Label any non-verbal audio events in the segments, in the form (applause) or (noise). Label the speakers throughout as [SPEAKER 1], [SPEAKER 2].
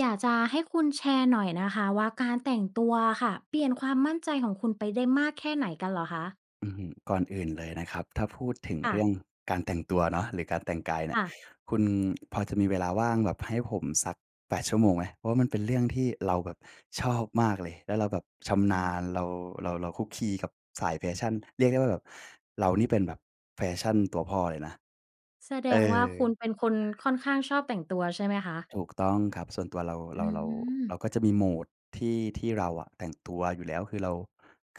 [SPEAKER 1] อยากจะให้คุณแชร์หน่อยนะคะว่า การแต่งตัวอะค่ะเปลี่ยนความมั่นใจของคุณไปได้มากแค่ไหนกันเหรอคะ?
[SPEAKER 2] อื้อฮือ ก่อนอื่นเลยนะครับ ถ้าพูดถึง
[SPEAKER 1] ค่
[SPEAKER 2] เรื่
[SPEAKER 1] ะ
[SPEAKER 2] องการแต่งตัวเนาะ หรือการแต่งกายเน
[SPEAKER 1] ค
[SPEAKER 2] ี่ย
[SPEAKER 1] ่ะ
[SPEAKER 2] คุณพอจะมีเวลาว่างแบบให้ผมสัก 8 ชั่วโมงไหม? เพราะมันเป็นเรื่องที่เราแบบชอบมากเลย แล้วเราแบบช
[SPEAKER 1] อ
[SPEAKER 2] ำ
[SPEAKER 1] ื
[SPEAKER 2] นา
[SPEAKER 1] อ
[SPEAKER 2] ญ เรา เรา เราคลุกคลีกับสายแฟชั่น เรียกได้ว่า แบบ เรานี่เป็นแบบแฟชันตัวพ่อเลยนะ
[SPEAKER 1] แสด
[SPEAKER 2] เอ
[SPEAKER 1] งว่า
[SPEAKER 2] อ
[SPEAKER 1] คุณเป็นคนค่อนข้างชอบแต่งตัวใช่ไหมคะ?
[SPEAKER 2] ถูกต้องครับ ส่วนตัวเรา
[SPEAKER 1] อ
[SPEAKER 2] เร
[SPEAKER 1] ื
[SPEAKER 2] า เรา เร
[SPEAKER 1] ม
[SPEAKER 2] าก็จะมี mode ที่ ที่เราอะแต่งตัวอยู่แล้ว คือเรา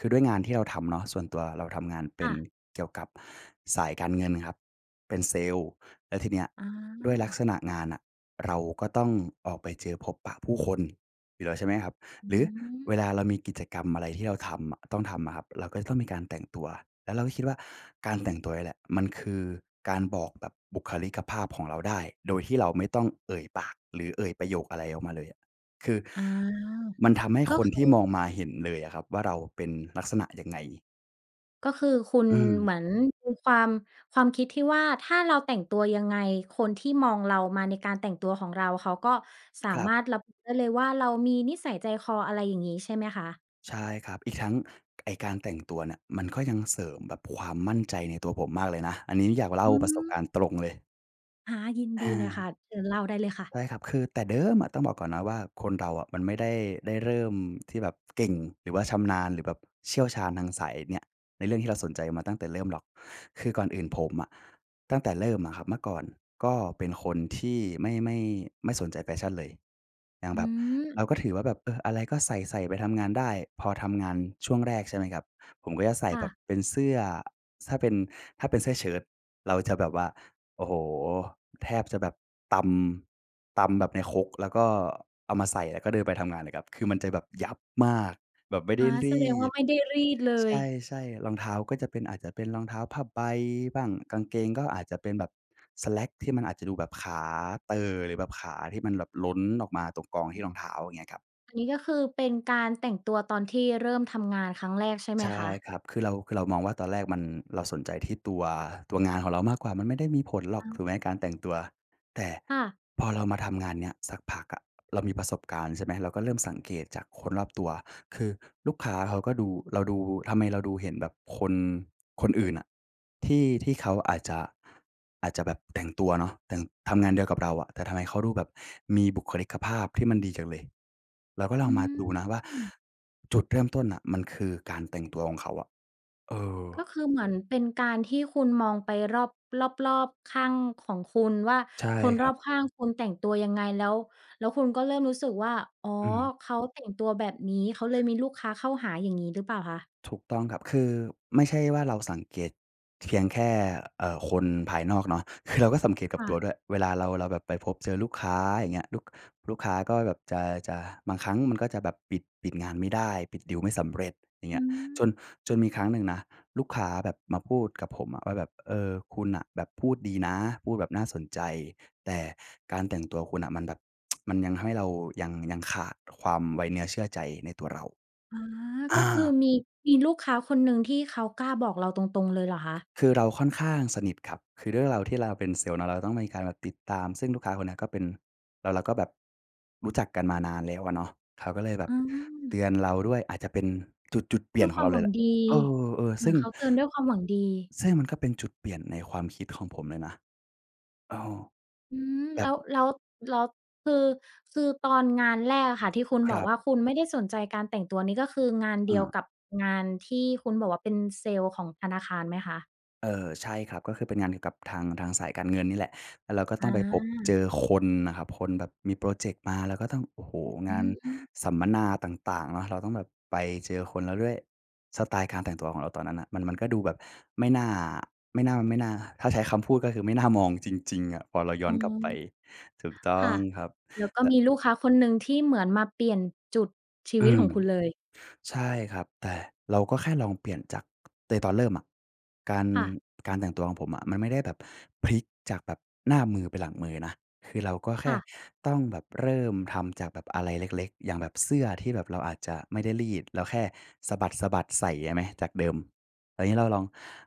[SPEAKER 2] คือด้วยงานที่เราทำเนาะ ส่วนตัวเราทำงานเป
[SPEAKER 1] ค
[SPEAKER 2] ็
[SPEAKER 1] ่
[SPEAKER 2] น
[SPEAKER 1] ะ
[SPEAKER 2] เกี่ยวกับสายการเงินครับเป็นเซลส์ แล้วทีเนี้ย
[SPEAKER 1] อ
[SPEAKER 2] ด้วยลัก
[SPEAKER 1] า
[SPEAKER 2] ษณะงานน่ะ เราก็ต้องออกไปเจอพบปะผู้คนอยู่แล้ว ใช่ไหมครับ
[SPEAKER 1] อื
[SPEAKER 2] หรือ
[SPEAKER 1] ม
[SPEAKER 2] เวลาเรามีกิจกรรมอะไรที่เราทำอะ ต้องทำอะครับ เราก็จะต้องมีการแต่งตัว แล้วเราก็คิดว่าการแต่งตัวนี่แหละ มันคือการบอกแบบบุคลิกภาพของเราได้ โดยที่เราไม่ต้องเอ่ยปาก หรือเอ่ยประโยคอะไรออกมาเลยอะ คือ
[SPEAKER 1] อา
[SPEAKER 2] มันทำให้
[SPEAKER 1] ก็
[SPEAKER 2] คน
[SPEAKER 1] ค
[SPEAKER 2] ท
[SPEAKER 1] ื
[SPEAKER 2] ี
[SPEAKER 1] อ
[SPEAKER 2] ่มองมาเห็นเลยอะครับว่าเราเป็นลักษณะยังไง
[SPEAKER 1] ก็คือคุณ
[SPEAKER 2] อืม
[SPEAKER 1] เหมือนมีความ ความคิดที่ว่า ถ้าเราแต่งตัวยังไงคนที่มองเรามาในการแต่งตัวของเรา เขาก็สา
[SPEAKER 2] ครั
[SPEAKER 1] ม
[SPEAKER 2] บ
[SPEAKER 1] ารถระบุได้เลยว่า เรามีนิสัยใจคออะไร อย่างงี้ใช่ไหมคะ?
[SPEAKER 2] ใช่ครับ อีกทั้งไอ้การแต่งตัวเนี่ยมันก็ยังเสริมแบบความมั่นใจในตัวผมมากเลยนะ อันนี้อยากเล่า
[SPEAKER 1] อื
[SPEAKER 2] ประสบก
[SPEAKER 1] ม
[SPEAKER 2] ารณ์ตรงเลย
[SPEAKER 1] อา ยินด
[SPEAKER 2] อ
[SPEAKER 1] ีเลยค่
[SPEAKER 2] า
[SPEAKER 1] ะ เชิญเล่าได้เลยค่ะ
[SPEAKER 2] ใช่ครับ คือแต่เดิมอะ ต้องบอกก่อนนะว่า คนเราอะมันไม่ได้ ได้เริ่มที่แบบเก่ง หรือว่าชำนาญ หรือแบบเชี่ยวชาญทางสายเนี้ย ในเรื่องที่เราสนใจมาตั้งแต่เริ่มหรอก คือก่อนอื่นผมอะ ตั้งแต่เริ่มอะครับ เมื่อก่อนก็เป็นคนที่ไม่ ไม่ ไม่สนใจแฟชันเลย อย่าง
[SPEAKER 1] อื
[SPEAKER 2] แบบ
[SPEAKER 1] อ
[SPEAKER 2] เราก็ถือว่าแบบ เออ อะไรก็ใส่ ๆ ไปทำงานได้ พอทำงานช่วงแรกใช่ไหมครับ ผมก็จะใส่
[SPEAKER 1] ค่
[SPEAKER 2] แบบ
[SPEAKER 1] ะ
[SPEAKER 2] เป็นเสื้อ ถ้าเป็น ถ้าเป็นเสื้อเชิ้ต เราจะแบบว่า โอ้โฮ แทบจะแบบตำ ตำแบบในครก แล้วก็เอามาใส่ แล้วก็เดินไปทำงานเลยครับ คือมันจะแบบยับมากแบบไม่
[SPEAKER 1] อ
[SPEAKER 2] ได้
[SPEAKER 1] า
[SPEAKER 2] ร
[SPEAKER 1] แสด
[SPEAKER 2] ี
[SPEAKER 1] งว่า
[SPEAKER 2] ด
[SPEAKER 1] ไม่ได้รีดเล
[SPEAKER 2] ใ
[SPEAKER 1] ย
[SPEAKER 2] ช่ ๆ รองเท้าก็จะเป็น อาจจะเป็นรองเท้าผ้าใบบ้าง กางเกงก็อาจจะเป็นแบบสแล็คที่มันอาจจะดูแบบขาเต่อหรือแบบขาที่มันแบบล้นออกมาตรงกองที่รองเท้า เงี้ยครับ
[SPEAKER 1] อันนี้ก็คือเป็นการแต่งตัวตอนที่เริ่มทำงานครั้งแรก ใช่ไห
[SPEAKER 2] ใ
[SPEAKER 1] ม
[SPEAKER 2] ช
[SPEAKER 1] ค
[SPEAKER 2] ่
[SPEAKER 1] ะ?
[SPEAKER 2] ครับ คือเรา คือเรามองว่าตอนแรกมัน เราสนใจที่ตัว ตัวงานของเรามากกว่า มันไม่ได้มีผลหรอก
[SPEAKER 1] อา
[SPEAKER 2] ถูกไหมในการแต่งตัว แต่
[SPEAKER 1] ค่ะ
[SPEAKER 2] พอเรามาทำงานเนี้ยสักพักอะ เรามีประสบการณ์ใช่ไหม เราก็เริ่มสังเกตจากคนรอบตัว คือลูกค้าเขาก็ดู เราดู ทำไมเราดูเห็นแบบคน คนอื่นอะ ที่ ที่เขาอาจจะ อาจจะแบบแต่งตัวเนาะ แต่ง ทำงานเดียวกับเราอะ แต่ทำไมเขาดูแบบมีบุคลิกภาพที่มันดีจังเลย เราก็ลอ
[SPEAKER 1] อ
[SPEAKER 2] ง
[SPEAKER 1] ื
[SPEAKER 2] มาดูนะว่า
[SPEAKER 1] ม
[SPEAKER 2] จุดเริ่มต้นน่ะมันคือการแต่งตัวของเขาอะ เออ
[SPEAKER 1] ก็คือเหมือนเป็นการที่คุณมองไปรอบ รอบ ๆ ข้างของคุณว่า
[SPEAKER 2] ใช่
[SPEAKER 1] คน
[SPEAKER 2] ค
[SPEAKER 1] ร
[SPEAKER 2] รั
[SPEAKER 1] อ
[SPEAKER 2] บ
[SPEAKER 1] บข้างคุณแต่งตัวยังไง แล้ว แล้วคุณก็เริ่มรู้สึกว่า อ๋อ
[SPEAKER 2] อืม
[SPEAKER 1] เขาแต่งตัวแบบนี้ เขาเลยมีลูกค้าเข้าหาอย่างงี้หรือเปล่าคะ?
[SPEAKER 2] ถูกต้องครับ คือไม่ใช่ว่าเราสังเกตเพียงแค่ เอ่อ คนภายนอกเนาะ คือเราก็สังเกตกั
[SPEAKER 1] ค
[SPEAKER 2] บ
[SPEAKER 1] ่
[SPEAKER 2] ตัว
[SPEAKER 1] ะ
[SPEAKER 2] ด้วย เวลาเรา เราแบบไปพบเจอลูกค้า อย่างเงี้ย ลูก ลูกค้าก็แบบจะ จะ บางครั้งมันก็จะแบบปิด ปิดงานไม่ได้ ปิดดีลไม่สำเร็จ อย่างเ
[SPEAKER 1] อ
[SPEAKER 2] งี
[SPEAKER 1] ื
[SPEAKER 2] ้ย จน จน
[SPEAKER 1] ม
[SPEAKER 2] มีครั้งหนึ่งนะลูกค้าแบบมาพูดกับผมอะว่าแบบ เออ คุณน่ะแบบพูดดีนะ พูดแบบน่าสนใจ แต่การแต่งตัวคุณน่ะ มันแบบ (tsk) มันยังทำให้เรายัง ยังขาดความไว้เนื้อเชื่อใจในตัวเรา
[SPEAKER 1] อ๋อ
[SPEAKER 2] อ
[SPEAKER 1] ก
[SPEAKER 2] า
[SPEAKER 1] ็คือมี มีลูกค้าคนหนึ่งที่เขากล้าบอกเราตรง ๆ เลยเหรอคะ?
[SPEAKER 2] คือเราค่อนข้างสนิทครับ คือด้วยเรา ที่ เราเป็นเซลส์เนาะ เราต้องมีการแบบติดตามซึ่งลูกค้าคนเนี้ยก็เป็น เรา เราก็แบบรู้จักกันมานานแล้วอะเนาะ เขาก็เลยแบ
[SPEAKER 1] อ
[SPEAKER 2] บ
[SPEAKER 1] ื
[SPEAKER 2] เต
[SPEAKER 1] อ
[SPEAKER 2] ือนเราด้วย อาจจะเป็นจุด จุดเปลี
[SPEAKER 1] ด้
[SPEAKER 2] ่ย
[SPEAKER 1] ว
[SPEAKER 2] น
[SPEAKER 1] ย
[SPEAKER 2] ข
[SPEAKER 1] ค
[SPEAKER 2] อ
[SPEAKER 1] ว
[SPEAKER 2] งเ
[SPEAKER 1] า
[SPEAKER 2] รา
[SPEAKER 1] มห
[SPEAKER 2] เ
[SPEAKER 1] ว
[SPEAKER 2] ล
[SPEAKER 1] ั
[SPEAKER 2] ยแห
[SPEAKER 1] ง
[SPEAKER 2] ละ
[SPEAKER 1] ดี
[SPEAKER 2] เออ
[SPEAKER 1] เห
[SPEAKER 2] ๆ
[SPEAKER 1] ม
[SPEAKER 2] ซ
[SPEAKER 1] ื
[SPEAKER 2] ึ
[SPEAKER 1] อ
[SPEAKER 2] ่
[SPEAKER 1] น
[SPEAKER 2] ง
[SPEAKER 1] เขาเตือนด้วยความหวังดี
[SPEAKER 2] ซึ่งมันก็เป็นจุดเปลี่ยนในความคิดของผมเลยนะ เออ
[SPEAKER 1] อือ
[SPEAKER 2] แบ
[SPEAKER 1] แล
[SPEAKER 2] บ
[SPEAKER 1] ้ว แล้ว แล้วคือ คือตอนงานแรกอะค่ะ ที่คุณ
[SPEAKER 2] ค
[SPEAKER 1] บ
[SPEAKER 2] ร
[SPEAKER 1] อก
[SPEAKER 2] ั
[SPEAKER 1] ว
[SPEAKER 2] บ
[SPEAKER 1] ่าคุณไม่ได้สนใจการแต่งตัว นี่ก็คืองานเด
[SPEAKER 2] อ
[SPEAKER 1] ียว
[SPEAKER 2] า
[SPEAKER 1] กับงานที่คุณบอกว่า เป็นเซลส์ของธนาคารไหมคะ?
[SPEAKER 2] เออ ใช่ครับ ก็คือเป็นงานเกี่ยวกับทาง ทางสายการเงินนี่แหละ แล้วเราก็ต
[SPEAKER 1] อ
[SPEAKER 2] ้องไปพบเจ
[SPEAKER 1] า
[SPEAKER 2] อคนน่ะครับ คนแบบมีพรอเจกต์มา แล้วก็ต้อง โอ้โฮ
[SPEAKER 1] อ
[SPEAKER 2] ง
[SPEAKER 1] ื
[SPEAKER 2] าน
[SPEAKER 1] ม
[SPEAKER 2] สัมมนาต่าง ๆ เนาะ เราต้องแบบไปเจอคน แล้วด้วย สไตล์การแต่งตัวของเราตอนนั้นน่ะ มัน มันก็ดูแบบไม่น่า ไม่น่า ไม่น่า ถ้าใช้คำพูดก็คือ ไม่น่ามองจริง ๆ อะ พอเราย้
[SPEAKER 1] อ
[SPEAKER 2] อ
[SPEAKER 1] ๋อ
[SPEAKER 2] นกลับไป ถูกต้
[SPEAKER 1] ค
[SPEAKER 2] อ
[SPEAKER 1] ่
[SPEAKER 2] ง
[SPEAKER 1] ะ
[SPEAKER 2] ครับ
[SPEAKER 1] แล้วก็
[SPEAKER 2] แต่
[SPEAKER 1] มีลูกค้าคนหนึ่งที่เหมือนมาเปลี่ยนจุดชี
[SPEAKER 2] อ
[SPEAKER 1] วิ
[SPEAKER 2] ื
[SPEAKER 1] ตข
[SPEAKER 2] ม
[SPEAKER 1] องคุณเลย
[SPEAKER 2] ใช่ครับ แต่เราก็แค่ลองเปลี่ยนจาก ในตอนเริ่มอะ การ
[SPEAKER 1] ค่ะ
[SPEAKER 2] การแต่งตัวของผมอะ มันไม่ได้แบบพลิกจากแบบหน้ามือเป็นหลังมือนะ คือเราก็แค
[SPEAKER 1] ค่
[SPEAKER 2] ่
[SPEAKER 1] ะ
[SPEAKER 2] ต้องแบบเริ่มทำจากแบบอะไรเล็ก ๆ อย่างแบบเสื้อที่แบบเราอาจจะไม่ได้รีด เราแค่สะบัด ๆ ใส่ ใช่ไหม จากเดิม แต่งี้เราลอง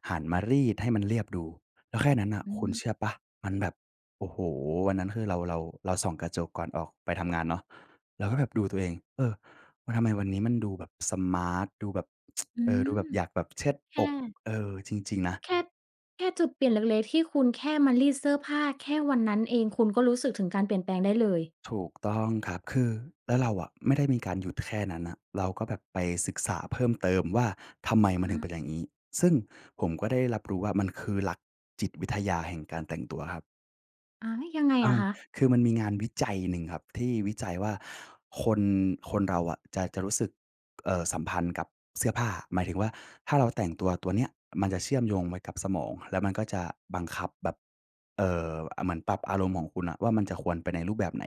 [SPEAKER 2] หันมารีดให้มันเรียบดู แล้วแค่นั้นน่ะ
[SPEAKER 1] อื
[SPEAKER 2] คุณ
[SPEAKER 1] ม
[SPEAKER 2] เชื่อเปล่า? มันแบบ โอ้โฮ วันนั้นคือเรา เรา เราส่องกระจกก่อนออกไปทำงานเนาะ เราก็แบบดูตัวเอง เออ วัน ทำไมวันนี้มันดูแบบสมาร์ต ดูแบบ (tsk)
[SPEAKER 1] อื
[SPEAKER 2] เออ ด
[SPEAKER 1] ม
[SPEAKER 2] ูแบบอยากแบบเชิด
[SPEAKER 1] แค
[SPEAKER 2] อก
[SPEAKER 1] ่
[SPEAKER 2] เออ จริง ๆ นะ
[SPEAKER 1] แค่ แค่จุดเปลี่ยนเล็ก ๆ ที่คุณแค่มารีดเสื้อผ้า แค่วันนั้นเอง คุณก็รู้สึกถึงการเปลี่ยนแปลงได้เลย
[SPEAKER 2] ถูกต้องครับ คือ แล้วเราอะไม่ได้มีการหยุดแค่นั้นน่ะ เราก็แบบไปศึกษาเพิ่มเติมว่า ทำไมมัน
[SPEAKER 1] อ
[SPEAKER 2] ถึงเป็
[SPEAKER 1] า
[SPEAKER 2] นอย่างงี้? ซึ่งผมก็ได้รับรู้ว่า มันคือหลักจิตวิทยาแห่งการแต่งตัวครับ
[SPEAKER 1] อา ยังไง
[SPEAKER 2] เอ
[SPEAKER 1] อะ
[SPEAKER 2] อ
[SPEAKER 1] คะ?
[SPEAKER 2] คือมันมีงานวิจัยหนึ่งครับ ที่วิจัยว่า คน คนเราอะจะ จะรู้สึก เอ่อ สัมพันธ์กับเสื้อผ้า หมายถึงว่า ถ้าเราแต่งตัวตัวเนี้ย มันจะเชื่อมโยงไว้กับสมอง แล้วมันก็จะบังคับแบบ เอ่อ อา เหมือนปรับอารมณ์ของคุณน่ะว่า มันจะควรไปในรูปแบบไหน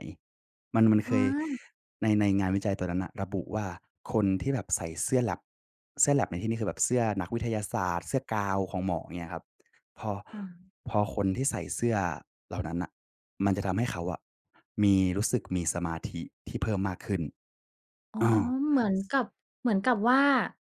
[SPEAKER 2] มัน มัน
[SPEAKER 1] อ
[SPEAKER 2] เค
[SPEAKER 1] ๋
[SPEAKER 2] ย
[SPEAKER 1] อ
[SPEAKER 2] ใน ในงานวิจัยตัวนั้นน่ะ ระบุว่า คนที่แบบใส่เสื้อแล็บ เสื้อแล็บในที่นี้ คือ แบบเสื้อนักวิทยาศาสตร์ เสื้อกาวน์ของหมอเงี้ยครับ พอ
[SPEAKER 1] อา
[SPEAKER 2] พอคนที่ใส่เสื้อเหล่านั้นน่ะ มันจะทำให้เขาอะ มี รู้สึกมีสมาธิที่เพิ่มมากขึ้น
[SPEAKER 1] อ๋อ
[SPEAKER 2] เออ
[SPEAKER 1] เหมือนกับ เหมือนกับว่า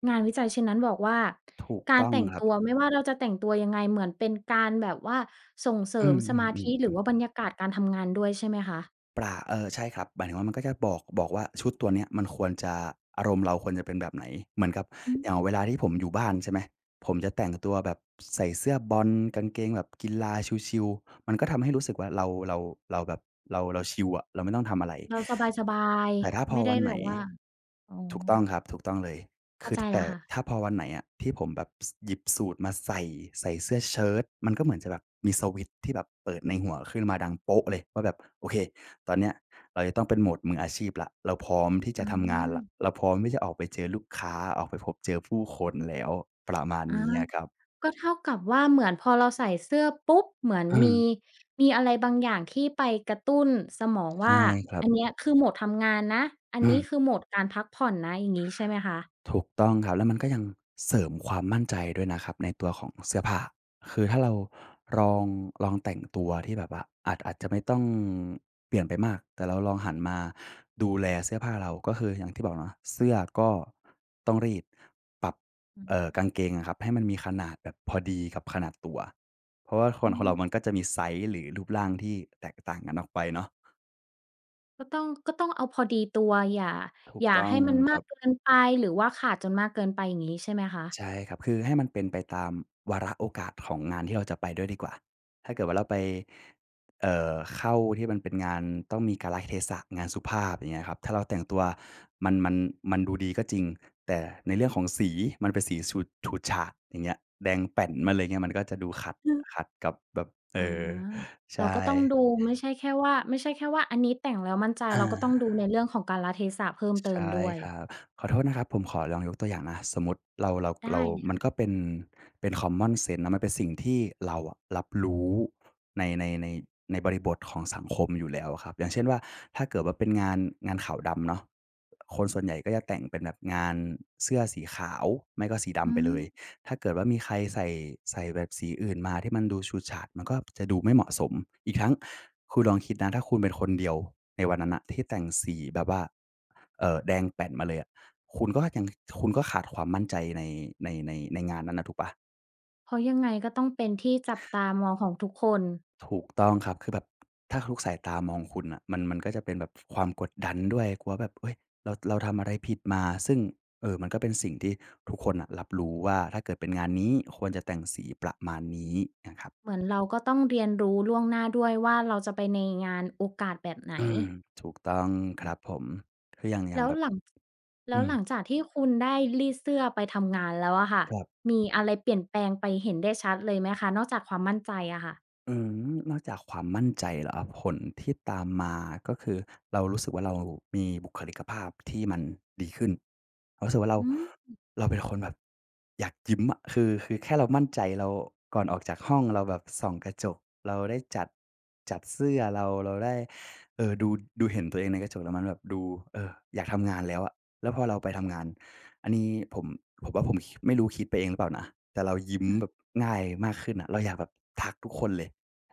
[SPEAKER 1] งานวิจัยชิ้นนั้นบอกว่า
[SPEAKER 2] ถูก
[SPEAKER 1] กา
[SPEAKER 2] ต
[SPEAKER 1] ร
[SPEAKER 2] ้อ
[SPEAKER 1] แ
[SPEAKER 2] ง
[SPEAKER 1] ต่ง
[SPEAKER 2] คร
[SPEAKER 1] ต
[SPEAKER 2] ับ
[SPEAKER 1] ัวไม่ว่าเราจะแต่งตัวยังไง เหมือนเป็นการแบบว่า ส่งเสร
[SPEAKER 2] อื
[SPEAKER 1] ิม
[SPEAKER 2] ม
[SPEAKER 1] สมาธิ หรือ
[SPEAKER 2] ๆ ๆ ๆ
[SPEAKER 1] ว่าบรรยากาศการทำงานด้วย ใช่ไหมคะ?
[SPEAKER 2] ประ เออ ใช่ครับ หมายถึงว่า มันก็จะบอก บอกว่า ชุดตัวเนี้ยมันควรจะ อารมณ์เราควรจะเป็นแบบไหน เหมือนกับ
[SPEAKER 1] อืม
[SPEAKER 2] อย่างเวลาที่ผมอยู่บ้าน ใช่ไหม ผมจะแต่งตัวแบบ ใส่เสื้อบอล กางเกงแบบกีฬาชิล ๆ มันก็ทำให้รู้สึกว่า เรา เรา เราแบบ เรา เราชิลอะ เราไม่ต้องทำอะไร
[SPEAKER 1] เราสบาย
[SPEAKER 2] แต่ถ้า
[SPEAKER 1] ๆ
[SPEAKER 2] พ
[SPEAKER 1] ไม
[SPEAKER 2] อ
[SPEAKER 1] ่ได
[SPEAKER 2] ว
[SPEAKER 1] ้
[SPEAKER 2] ันไ
[SPEAKER 1] แบ
[SPEAKER 2] หน
[SPEAKER 1] บว่า อ๋อ
[SPEAKER 2] ถูกต้องครับ ถูกต้องเลย
[SPEAKER 1] เข
[SPEAKER 2] ค
[SPEAKER 1] ้า
[SPEAKER 2] ื
[SPEAKER 1] ใ
[SPEAKER 2] อ
[SPEAKER 1] จ
[SPEAKER 2] ถ
[SPEAKER 1] แ
[SPEAKER 2] แต
[SPEAKER 1] ล้
[SPEAKER 2] ่
[SPEAKER 1] วค่ะ
[SPEAKER 2] ถ้าพอวันไหนอะ ที่ผมแบบ ส หยิบสูทมาใส่ ใส่เสื้อเชิ้ต มันก็เหมือนจะแบบมีสวิตช์ที่แบบเปิดในหัวขึ้นมา ดัง เลยว่าแบบ "โอเค ตอนเนี้ยเราจะต้องเป็น mode มืออาชีพแล้ว เราพร้อมที่จ
[SPEAKER 1] อื
[SPEAKER 2] ะทำงานแล้ว
[SPEAKER 1] ม
[SPEAKER 2] เราพร้อมที่จะออกไปเจอลูกค้า ออกไปพบเจอผู้คนแล้ว" ประมาณ
[SPEAKER 1] อา
[SPEAKER 2] นี้อะครับ
[SPEAKER 1] ก็เท่ากับว่า เหมือนพอเราใส่เสื้อปุ๊บ เหมือน
[SPEAKER 2] อื
[SPEAKER 1] มี
[SPEAKER 2] ม
[SPEAKER 1] มีอะไรบางอย่าง ที่ไปกระตุ้นสมอง
[SPEAKER 2] ใช
[SPEAKER 1] ว
[SPEAKER 2] ่
[SPEAKER 1] ่า
[SPEAKER 2] ครั
[SPEAKER 1] อั
[SPEAKER 2] บ
[SPEAKER 1] นเนี้ย คือโหมดทำงานนะ อัน
[SPEAKER 2] อื
[SPEAKER 1] นี้
[SPEAKER 2] ม
[SPEAKER 1] คือโหมดการพักผ่อนนะ อย่างงี้ใช่ไหมคะ?
[SPEAKER 2] ถูกต้องครับ แล้วมันก็ยังเสริมความมั่นใจด้วยนะครับ ในตัวของเสื้อผ้า คือถ้าเราลอง ลองแต่งตัวที่แบบว่า อาจ อาจจะไม่ต้องเปลี่ยนไปมาก แต่เราลองหันมาดูแลเสื้อผ้าเรา ก็คือ อย่างที่บอกเนาะ เสื้อก็ต้องรีด ปรับ
[SPEAKER 1] อื
[SPEAKER 2] เอ่อ
[SPEAKER 1] ม
[SPEAKER 2] กางเกงอะครับ ให้มันมีขนาดแบบพอดีกับขนาดตัว เพราะว่าค
[SPEAKER 1] อื
[SPEAKER 2] น คนเรา
[SPEAKER 1] ม
[SPEAKER 2] มันก็จะมีไซซ์ หรือรูปร่างที่แตกต่างกันออกไปเนาะ
[SPEAKER 1] ก็ต้อง ก็ต้องเอาพอดีตัว อย่า
[SPEAKER 2] ถู
[SPEAKER 1] อ
[SPEAKER 2] ก
[SPEAKER 1] ย่า
[SPEAKER 2] ต้
[SPEAKER 1] ใ
[SPEAKER 2] อ
[SPEAKER 1] ห
[SPEAKER 2] ง
[SPEAKER 1] ้มันม
[SPEAKER 2] ค
[SPEAKER 1] า
[SPEAKER 2] รั
[SPEAKER 1] ก
[SPEAKER 2] บ
[SPEAKER 1] เกินไป หรือว่าขาดจนมากเกินไปอย่างงี้ ใช่ไหมคะ?
[SPEAKER 2] ใช่ครับ คือให้มันเป็นไปตามวาระโอกาสของงานที่เราจะไปด้วยดีกว่า ถ้าเกิดว่าเราไป เอ่อ เข้าที่มันเป็นงานต้องมีกาลเทศะ งานสุภาพ อย่างเงี้ยครับ ถ้าเราแต่งตัว มัน มัน มันดูดีก็จริง แต่ในเรื่องของสี มันเป็นสีสูด ฉูดฉาด อย่างเงี้ย แดงแป๋น
[SPEAKER 1] อ
[SPEAKER 2] มา
[SPEAKER 1] ื
[SPEAKER 2] เ
[SPEAKER 1] ม
[SPEAKER 2] ลย เงี้ย มันก็จะดู ขัด ขัดกับแบบ เอ
[SPEAKER 1] อา
[SPEAKER 2] อ ใช
[SPEAKER 1] เราก็ต้อง
[SPEAKER 2] ่
[SPEAKER 1] ดู ไม่ใช่แค่ว่า ไม่ใช่แค่ว่าอันนี้แต่งแล้วมั่นใจ
[SPEAKER 2] อ
[SPEAKER 1] เ
[SPEAKER 2] า
[SPEAKER 1] ราก็ต้องดูในเรื่องของกาลเทศะเพิ่มเต
[SPEAKER 2] ใ
[SPEAKER 1] ิ
[SPEAKER 2] ช
[SPEAKER 1] ม
[SPEAKER 2] ่
[SPEAKER 1] ด้วย
[SPEAKER 2] ครับ ขอโทษนะครับ ผมขอลองยกตัวอย่างนะ สมมุติ เรา เรา
[SPEAKER 1] ได้
[SPEAKER 2] เรา
[SPEAKER 1] เลยค
[SPEAKER 2] ม
[SPEAKER 1] ่
[SPEAKER 2] ั
[SPEAKER 1] ะ
[SPEAKER 2] นก็ เป็น เป็นคอมมอนเซนส์นะ มันเป็นสิ่งที่เราอะรับรู้ ใน ใน ใน ในบริบทของสังคมอยู่แล้วอะครับ อย่างเช่นว่า ถ้าเกิดว่าเป็นงาน งานขาวดำเนาะ คนส่วนใหญ่ก็จะแต่งเป็นแบบงานเสื้อสีขาว ไม่ก็สีด
[SPEAKER 1] อื
[SPEAKER 2] ำไปเลย
[SPEAKER 1] ม
[SPEAKER 2] ถ้าเกิดว่ามีใคร ใส่ ใส่แบบสีอื่นมาที่มันดูฉูดฉาด มันก็จะดูไม่เหมาะสม อีกทั้งคุณลองคิดนะ ถ้าคุณเป็นคนเดียวในวันนั้นน่ะที่แต่งสีแบบว่า เอ่อ แดงแป๋นมาเลยอะ คุณก็ยัง ข คุณก็ขาดความมั่นใจ ใน ใน ใน ในงานนั้นน่ะถูกเปล่า?
[SPEAKER 1] เพราะยังไง ก็ต้องเป็นที่จับตามองของทุกคน
[SPEAKER 2] ถูกต้องครับ คือแบบ ถ้าทุกสายตามองคุณน่ะ มัน มันก็จะเป็นแบบความกดดันด้วย กลัวว่าแบบ เฮ้ย เรา เราทำอะไรผิดมา ซึ่ง เอ่อ มันก็เป็นสิ่งที่ทุกคนน่ะรับรู้ว่า ถ้าเกิดเป็นงานนี้ ควรจะแต่งสีประมาณนี้น่ะครับ
[SPEAKER 1] เหมือนเรา ก็ต้องเรียนรู้ล่วงหน้าด้วยว่า เราจะไปในงานโอกาสแบบไหน?
[SPEAKER 2] อืม ถูกต้องครับผม คืออย่าง อย่
[SPEAKER 1] แล
[SPEAKER 2] าง
[SPEAKER 1] ้ว
[SPEAKER 2] แบบ
[SPEAKER 1] หลัง จ แล
[SPEAKER 2] อ
[SPEAKER 1] ้
[SPEAKER 2] ื
[SPEAKER 1] ว
[SPEAKER 2] ม
[SPEAKER 1] หลังจากที่คุณได้รีดเสื้อไปทำงานแล้วอะค่ะ
[SPEAKER 2] ครับ
[SPEAKER 1] มีอะไรเปลี่ยนแปลงไปเห็นได้ชัดเลยไหมคะ? นอกจากความมั่นใจอะค่ะ
[SPEAKER 2] อืม นอกจากความมั่นใจเหรอ? ผลที่ตามมาก็คือเรารู้สึกว่า เรามีบุคลิกภาพที่มันดีขึ้น เรารู้สึกว่าเรา
[SPEAKER 1] อืม
[SPEAKER 2] เราเป็นคนแบบอยากยิ้มอะ คือ คือแค่เรามั่นใจ แล้วก่อนออกจากห้อง เราแบบส่องกระจก เราได้จัด จัดเสื้อ เรา เราได้ เออ ดู ดูเห็นตัวเองในกระจก แล้วมันแบบดู เออ อยากทำงานแล้วอะ แล้วพอเราไปทำงาน อันนี้ผม ผมว่า ผมคิ ไม่รู้คิดไปเองหรือเปล่านะ แต่เรายิ้ม
[SPEAKER 1] อะฮ
[SPEAKER 2] แบ
[SPEAKER 1] ะ
[SPEAKER 2] บง่ายมากขึ้นน่ะ เราอยากแบบทักทุกคนเลย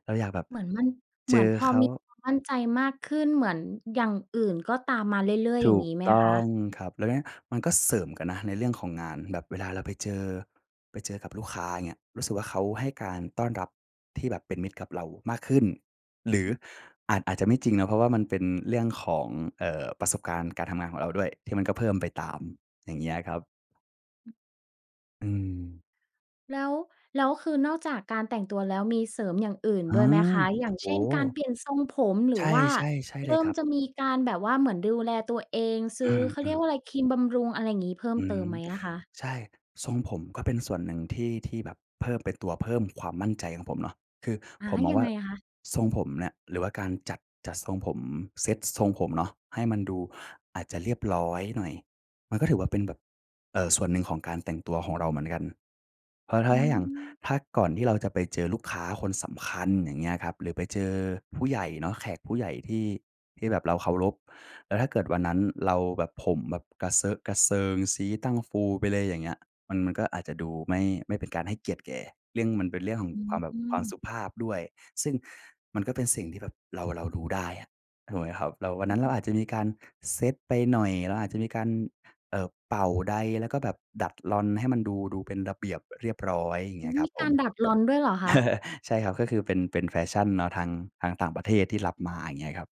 [SPEAKER 2] เราอยากแบบ
[SPEAKER 1] เหมือนมัน เ
[SPEAKER 2] เ
[SPEAKER 1] ห
[SPEAKER 2] จ
[SPEAKER 1] มือน
[SPEAKER 2] อ
[SPEAKER 1] พอ
[SPEAKER 2] เขา
[SPEAKER 1] มีความมั่นใจมากขึ้น เหมือนอย่างอื่นก็ตามมาเรื่อย
[SPEAKER 2] ถ
[SPEAKER 1] ๆ อย่า
[SPEAKER 2] ู
[SPEAKER 1] งง
[SPEAKER 2] ก
[SPEAKER 1] ี้ไหม
[SPEAKER 2] ต
[SPEAKER 1] ค
[SPEAKER 2] ้อ
[SPEAKER 1] ะ?
[SPEAKER 2] งครับ แล้วเงี้ยมันก็เสริมกันนะในเรื่องของงาน แบบเวลาเราไปเจอ ไปเจอกับลูกค้า อย่างเงี้ย รู้สึกว่า เขาให้การต้อนรับที่แบบเป็นมิตรกับเรามากขึ้น หรืออาจ อาจจะไม่จริงนะ เพราะว่ามันเป็นเรื่องของ เอ่อ ประสบการณ์การทำงานของเราด้วย ที่มันก็เพิ่มไปตาม อย่างเงี้ยครับ
[SPEAKER 1] อืม
[SPEAKER 2] อืม
[SPEAKER 1] แล้ว แล้วคือนอกจากการแต่งตัวแล้ว มีเสริมอย่างอื่น
[SPEAKER 2] อ
[SPEAKER 1] ด้
[SPEAKER 2] า
[SPEAKER 1] วยไหมคะ? อย่าง
[SPEAKER 2] โอ
[SPEAKER 1] เช่
[SPEAKER 2] ้
[SPEAKER 1] น
[SPEAKER 2] โ
[SPEAKER 1] การเ
[SPEAKER 2] ฮ
[SPEAKER 1] ปลี่ยนทรงผม หร
[SPEAKER 2] ใ
[SPEAKER 1] ื
[SPEAKER 2] ช
[SPEAKER 1] อ
[SPEAKER 2] ่
[SPEAKER 1] ว่า
[SPEAKER 2] ๆ ใช่
[SPEAKER 1] เ
[SPEAKER 2] เ
[SPEAKER 1] ร
[SPEAKER 2] ลย
[SPEAKER 1] ิ่ม
[SPEAKER 2] ครับ
[SPEAKER 1] จะมีการแบบว่าเหมือนดูแลตัวเอง ซื
[SPEAKER 2] อ
[SPEAKER 1] ้อ เขาเ
[SPEAKER 2] ื
[SPEAKER 1] รีย
[SPEAKER 2] ม
[SPEAKER 1] ก
[SPEAKER 2] ๆ
[SPEAKER 1] ว่าไร ครีมบำรุง อะไรงี้ เพิ่ม
[SPEAKER 2] อื
[SPEAKER 1] เติ
[SPEAKER 2] ม
[SPEAKER 1] มไหมอะคะ?
[SPEAKER 2] ใช่ ทรงผมก็เป็นส่วนหนึ่งที่ ที่แบบเพิ่ม เป็นตัวเพิ่มความมั่นใจของผมเนาะ คือ
[SPEAKER 1] อา
[SPEAKER 2] ผมมอ
[SPEAKER 1] ย
[SPEAKER 2] ง
[SPEAKER 1] ั
[SPEAKER 2] ว
[SPEAKER 1] ง
[SPEAKER 2] ่
[SPEAKER 1] ไ
[SPEAKER 2] า
[SPEAKER 1] งคะ?
[SPEAKER 2] ทรงผมเนี่ย หรือว่าการจัด จัดทรงผม เซ็ตทรงผมเนาะ ให้มันดูอาจจะเรียบร้อยหน่อย มันก็ถือว่าเป็นแบบ เอ่อ ส่วนหนึ่งของการแต่งตัวของเราเหมือนกัน เพราะถ้
[SPEAKER 1] อื
[SPEAKER 2] า ถ้าอย่าง
[SPEAKER 1] อ
[SPEAKER 2] ถ้าก่อนที่เราจะไปเจอลูกค้าคนสำคัญ อย่างเงี้ยครับ หรือไปเจอผู้ใหญ่เนาะ แขกผู้ใหญ่ที่ ที่แบบเราเคารพ แล้วถ้าเกิดวันนั้นเราแบบ ผมแบบกระเซอะกระเซิง ชี้ตั้งฟูไปเลย อย่างเงี้ย มัน มันก็อาจจะดูไม
[SPEAKER 1] อ
[SPEAKER 2] ่
[SPEAKER 1] ืม
[SPEAKER 2] ไม่เป็นการให้เกียรติแก ยิ่งมันเป็นเรื่องของ
[SPEAKER 1] อ
[SPEAKER 2] ความแบ
[SPEAKER 1] ื
[SPEAKER 2] บ ความส
[SPEAKER 1] อ
[SPEAKER 2] ุภาพด้วย ซึ่งมันก็เป็นสิ่งที่แบบเรา เราดูได้อะ ถูกไหมครับ เราวัน
[SPEAKER 1] อื
[SPEAKER 2] นั้
[SPEAKER 1] อ
[SPEAKER 2] นเ
[SPEAKER 1] ฮ
[SPEAKER 2] รา
[SPEAKER 1] ึ
[SPEAKER 2] อาจจะมีการเซตไปหน่อย เราอาจจะมีการ เอ่อ เป่าไดร์ แล้วก็แบบดัดลอนให้มันดู ดูเป็นระเบียบเรียบร้อย อย่าง
[SPEAKER 1] อ
[SPEAKER 2] เ
[SPEAKER 1] ื
[SPEAKER 2] งี้
[SPEAKER 1] อ
[SPEAKER 2] ยค
[SPEAKER 1] ม
[SPEAKER 2] รั
[SPEAKER 1] ี
[SPEAKER 2] บผ
[SPEAKER 1] กา
[SPEAKER 2] ม
[SPEAKER 1] รดัดลอนด้วยเหรอคะ?
[SPEAKER 2] (chuckles) ใช่ครับ ก็คือเป็น เป็นแฟชันเนาะทาง ทางต่างประเทศที่รับมา อย่างเงี้ยครับ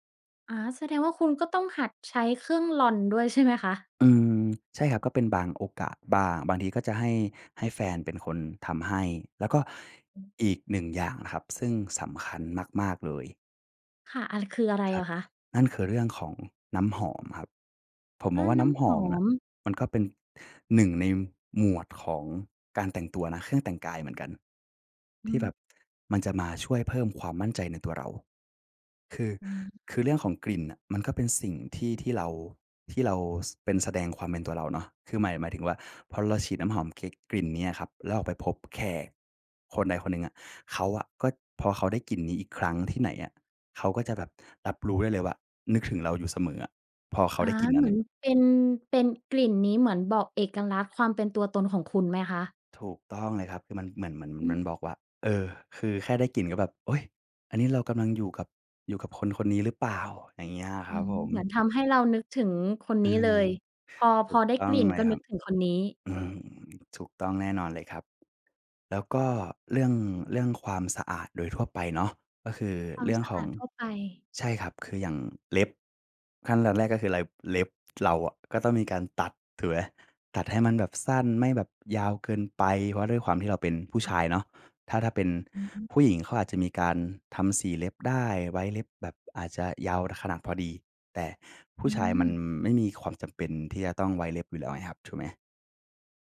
[SPEAKER 1] อา แสดงว่าคุณก็ต้องหัดใช้เครื่องลอนด้วย ใช่ไหมคะ?
[SPEAKER 2] อืม ใช่ครับ ก็เป็นบางโอกาสบ้าง บางทีก็จะให้ ให้แฟนเป็นคนทำให้ แล้วก็อีก 1 อย่างนะครับ ซึ่งสำคัญมาก ๆ เลย
[SPEAKER 1] ค่ะ อะไร คืออะไร
[SPEAKER 2] คร
[SPEAKER 1] เห
[SPEAKER 2] ั
[SPEAKER 1] ร
[SPEAKER 2] บ
[SPEAKER 1] อคะ?
[SPEAKER 2] นั่นคือเรื่องของน้ำหอมครับ ผมม
[SPEAKER 1] อ
[SPEAKER 2] อ
[SPEAKER 1] า
[SPEAKER 2] งว่า
[SPEAKER 1] น
[SPEAKER 2] น
[SPEAKER 1] ้
[SPEAKER 2] ้ำ
[SPEAKER 1] ำ
[SPEAKER 2] ห
[SPEAKER 1] ห
[SPEAKER 2] อ
[SPEAKER 1] อ
[SPEAKER 2] มอะ
[SPEAKER 1] ม
[SPEAKER 2] มันก็เป็น 1 ในหมวดของการแต่งตัวนะ เครื่องแต่งกายเหมือนกัน
[SPEAKER 1] อื
[SPEAKER 2] ที่แบ
[SPEAKER 1] อ
[SPEAKER 2] บมันจะมาช่วยเพิ่มความมั่นใจในตัวเรา คือ
[SPEAKER 1] อา
[SPEAKER 2] คือเรื่องของกลิ่นน่ะ มันก็เป็นสิ่งที่ ที่เรา ที่เรา ส เป็น แสดงความเป็นตัวเราเนาะ คือหมาย หมายถึงว่า พอเราฉีดน้ำหอมกลิ กลิ่นนี้อะครับ แล้วเราไปพบแขกคนใดคนหนึ่งอะ เขาอะ ก็ พอเขาได้กลิ่นนี้อีกครั้งที่ไหนอะ เขาก็จะแบบรับรู้ได้เลยว่า นึกถึงเราอยู่เสมออะ พอเข
[SPEAKER 1] อ
[SPEAKER 2] า
[SPEAKER 1] า
[SPEAKER 2] ได้กลิ่นน
[SPEAKER 1] เ
[SPEAKER 2] ั
[SPEAKER 1] ห
[SPEAKER 2] ้
[SPEAKER 1] ม
[SPEAKER 2] น
[SPEAKER 1] ือนเป็น เป็น กลิ่นนี้เหมือนบอกเอกลักษณ์ ความเป็นตัวตนของคุณไหมคะ?
[SPEAKER 2] ถูกต้องเลยครับ คือมันเหมือน เหมือนมัน
[SPEAKER 1] อื
[SPEAKER 2] มันบอกว่
[SPEAKER 1] อ
[SPEAKER 2] า เออ คือแค่ได้กลิ่นก็แบบ โอ๊ย อันนี้เรากำลังอยู่กับ อยู่กับคนคนนี้หรือเปล่า อะไรเงี้ยอะค
[SPEAKER 1] อื
[SPEAKER 2] รับ
[SPEAKER 1] ม
[SPEAKER 2] ผม
[SPEAKER 1] เหมือนทำให้เรานึกถึงคน
[SPEAKER 2] อ
[SPEAKER 1] นี
[SPEAKER 2] ื
[SPEAKER 1] ้เล
[SPEAKER 2] ม
[SPEAKER 1] ย พอ
[SPEAKER 2] ถ
[SPEAKER 1] พ
[SPEAKER 2] ู
[SPEAKER 1] อ
[SPEAKER 2] ก
[SPEAKER 1] ได้
[SPEAKER 2] ต้
[SPEAKER 1] ก
[SPEAKER 2] อง
[SPEAKER 1] ลิ่น
[SPEAKER 2] ไหม
[SPEAKER 1] ก็
[SPEAKER 2] ค
[SPEAKER 1] น
[SPEAKER 2] ร
[SPEAKER 1] ึ
[SPEAKER 2] ั
[SPEAKER 1] ก
[SPEAKER 2] บ
[SPEAKER 1] ถึงคนนี้
[SPEAKER 2] อืม ถูกต้องแน่นอนเลยครับ แล้วก็เรื่อง เรื่องความสะอาดโดยทั่วไปเนาะ ก็คือ
[SPEAKER 1] ควา
[SPEAKER 2] เ
[SPEAKER 1] ม
[SPEAKER 2] รื่อ
[SPEAKER 1] ส
[SPEAKER 2] ง
[SPEAKER 1] ะ
[SPEAKER 2] ข
[SPEAKER 1] อ
[SPEAKER 2] อ
[SPEAKER 1] า
[SPEAKER 2] ง
[SPEAKER 1] ดทั่วไป
[SPEAKER 2] ใช่ครับ คืออย่างเล็บ ขั้นตอนแรกก็คืออะไร เล็บเราอะก็ต้องมีการตัด ถูกไหม? ตัดให้มันแบบสั้น ไม่แบบยาวเกินไป เพราะด้วยความที่เราเป็นผู้
[SPEAKER 1] ค
[SPEAKER 2] ช
[SPEAKER 1] ่ะ
[SPEAKER 2] ายเนาะ ถ้า ถ้าเป็น
[SPEAKER 1] อือ
[SPEAKER 2] ผู้หญิง เขาอาจจะมีการทำสีเล็บได้ ไว้เล็บแบบอาจจะยาวขนาดพอดี แต่ผู
[SPEAKER 1] อ
[SPEAKER 2] ้
[SPEAKER 1] ื
[SPEAKER 2] ชายมัน
[SPEAKER 1] อ
[SPEAKER 2] ไม่มีความจำเป็นที่จะต้องไว้เล็บอยู่แล้วไงครับ ถูกไหม?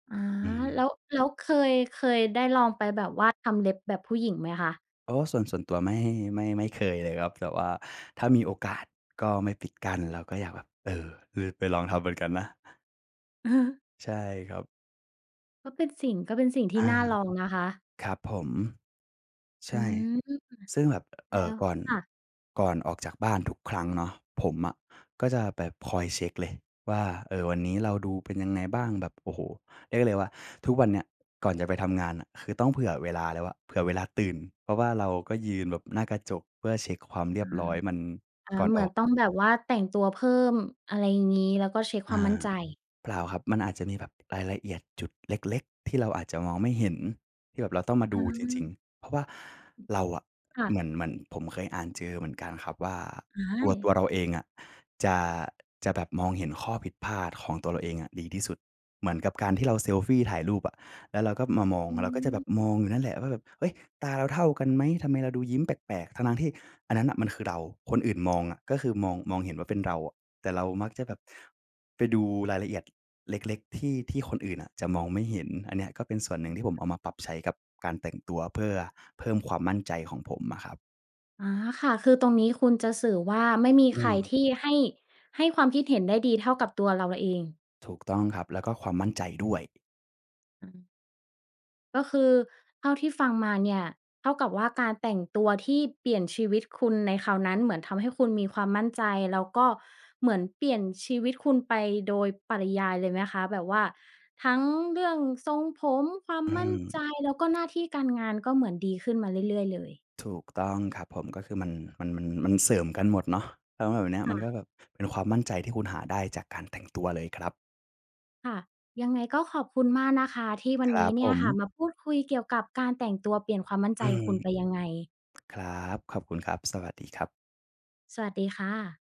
[SPEAKER 1] อา
[SPEAKER 2] อื
[SPEAKER 1] แ
[SPEAKER 2] ม
[SPEAKER 1] ล้ว แล้วเคย เคยได้ลองไปแบบว่า ทำเล็บแบบผู้หญิงไหมคะ?
[SPEAKER 2] โอ้ ส่วน ส่วนตัว ไม่ ไม่ ไม่เคยเลยครับ แต่ว่าถ้ามีโอกาสก็ไม่ปิดกั้น เราก็อยากแบบ เออ ลือ ไปลองทำเหมือนกันนะ
[SPEAKER 1] (chuckles)
[SPEAKER 2] ใช่ครับ
[SPEAKER 1] ก็เป็นสิ่ง ก็เป็นสิ่งท
[SPEAKER 2] อ
[SPEAKER 1] ี่
[SPEAKER 2] า
[SPEAKER 1] น่าลอง นะคะ
[SPEAKER 2] ครับผม ใช
[SPEAKER 1] อื
[SPEAKER 2] ่
[SPEAKER 1] ม
[SPEAKER 2] ซึ่งแบบ เ
[SPEAKER 1] แ
[SPEAKER 2] อ
[SPEAKER 1] ล้
[SPEAKER 2] ่อ
[SPEAKER 1] ว
[SPEAKER 2] ก่อน
[SPEAKER 1] ค่ะ
[SPEAKER 2] ก่อนออกจากบ้านทุกครั้งเนาะ ผมอะก็จะแบบคอยเช็กเลยว่า เออ วันนี้เราดูเป็นยังไงบ้าง? แบบ โอ้โฮ เรียกได้ว่า ทุกวันเนี้ย ก่อนจะไปทำงานน่ะ คือต้องเผื่อเวลาแล้วอะ เผื่อเวลาตื่น เพราะว่าเราก็ยืนแบบหน้ากระจก เพื่อเช็กความเรี
[SPEAKER 1] อ
[SPEAKER 2] ย
[SPEAKER 1] า
[SPEAKER 2] บร้อยมัน
[SPEAKER 1] อา
[SPEAKER 2] ก่อน
[SPEAKER 1] เหมื
[SPEAKER 2] อ
[SPEAKER 1] อ
[SPEAKER 2] อ
[SPEAKER 1] น
[SPEAKER 2] ก
[SPEAKER 1] ต้องแบบว่าแต่งตัวเพิ่ม อะไรงี้ แล้วก็เช็กคว
[SPEAKER 2] อ
[SPEAKER 1] ามมั่น
[SPEAKER 2] า
[SPEAKER 1] ใจ
[SPEAKER 2] เปล่าครับ มันอาจจะมีแบบ รายละเอียดจุดเล็ก ๆ ที่เราอาจจะมองไม่เห็น ที่แบบเราต้องมาด
[SPEAKER 1] อ
[SPEAKER 2] ู จริง
[SPEAKER 1] า
[SPEAKER 2] ๆ เพราะว่าเราอะ
[SPEAKER 1] ค่
[SPEAKER 2] เหม
[SPEAKER 1] ะ
[SPEAKER 2] ือน เหมือนผมเคยอ่านเจอเหมือนกันครับว่า
[SPEAKER 1] อ้า
[SPEAKER 2] ตัว ตั
[SPEAKER 1] ย
[SPEAKER 2] วเราเองอะ จะ จะแบบมองเห็นข้อผิดพลาดของตัวเราเองอะดีที่สุด เหมือนกับการที่เราเซลฟีถ่ายรูปอะ แล้วเราก็มามอง
[SPEAKER 1] อื
[SPEAKER 2] เราก็จะแบ
[SPEAKER 1] ม
[SPEAKER 2] บมองอยู่นั่นแหละว่าแบบ "เฮ้ย ตาเราเท่ากันไหม ทำไมเราดูยิ้มแปลก ๆ?" ทั้ง ๆ ที่อันนั้นน่ะมันคือเรา คนอื่นมองอะ ก็คือ มอง มองเห็นว่าเป็นเราอะ แต่เรามักจะแบบไปดูรายละเอียด เล็ก ๆ ที่ ที่คนอื่นน่ะจะมองไม่เห็น อันเนี้ยก็เป็นส่วนหนึ่งที่ผมเอามาปรับใช้กับการแต่งตัว เพื่อเพิ่มความมั่นใจของผมอะครับ
[SPEAKER 1] อ๋อ ค่ะ คือตรงนี้คุณจะสื่อว่า ไม่มี
[SPEAKER 2] อื
[SPEAKER 1] ใคร
[SPEAKER 2] ม
[SPEAKER 1] ที่ ให้ ให้ความคิดเห็นได้ดีเท่ากับตัวเราเอง
[SPEAKER 2] ถูกต้องครับ แล้วก็ความมั่นใจด้วย
[SPEAKER 1] อือ ก็คือเท่าที่ฟังมาเนี่ยเท่ากับว่า การแต่งตัวที่เปลี่ยนชีวิตคุณในคราวนั้นเหมือนทำให้คุณมีความมั่นใจ แล้วก็เหมือนเปลี่ยนชีวิตคุณไปโดยปริยายเลยไหมคะ? แบบว่าทั้งเรื่องทรงผม ความ
[SPEAKER 2] อื
[SPEAKER 1] มั่น
[SPEAKER 2] ม
[SPEAKER 1] ใจ แล้วก็หน้าที่การงาน ก็เหมือนดีขึ้นมาเรื่อย ๆ เลย
[SPEAKER 2] ถูกต้องครับผม ก็คือมัน มัน มัน มันเสริมกันหมดเนาะ แล้วแบบเนี้ย
[SPEAKER 1] ค
[SPEAKER 2] ม
[SPEAKER 1] ่
[SPEAKER 2] ันก็
[SPEAKER 1] ะ
[SPEAKER 2] แบบเป็นความมั่นใจที่คุณหาได้จากการแต่งตัวเลยครับ
[SPEAKER 1] ค่ะ ยังไงก็ขอบคุณมากนะคะ ที่วั
[SPEAKER 2] ค
[SPEAKER 1] น
[SPEAKER 2] ร
[SPEAKER 1] น
[SPEAKER 2] ั
[SPEAKER 1] ี้
[SPEAKER 2] บ
[SPEAKER 1] เนี
[SPEAKER 2] ผ
[SPEAKER 1] ่ยค่ะ
[SPEAKER 2] ม
[SPEAKER 1] มาพูดคุยเกี่ยวกับการแต่งตัวเปลี่ยนความมั่น
[SPEAKER 2] อ
[SPEAKER 1] ใ
[SPEAKER 2] ื
[SPEAKER 1] จ
[SPEAKER 2] ม
[SPEAKER 1] คุณ ไปยังไง?
[SPEAKER 2] (clicks tongue) ครับ ขอบคุณครับ สวัสดีครับ
[SPEAKER 1] สวัสดีค่ะ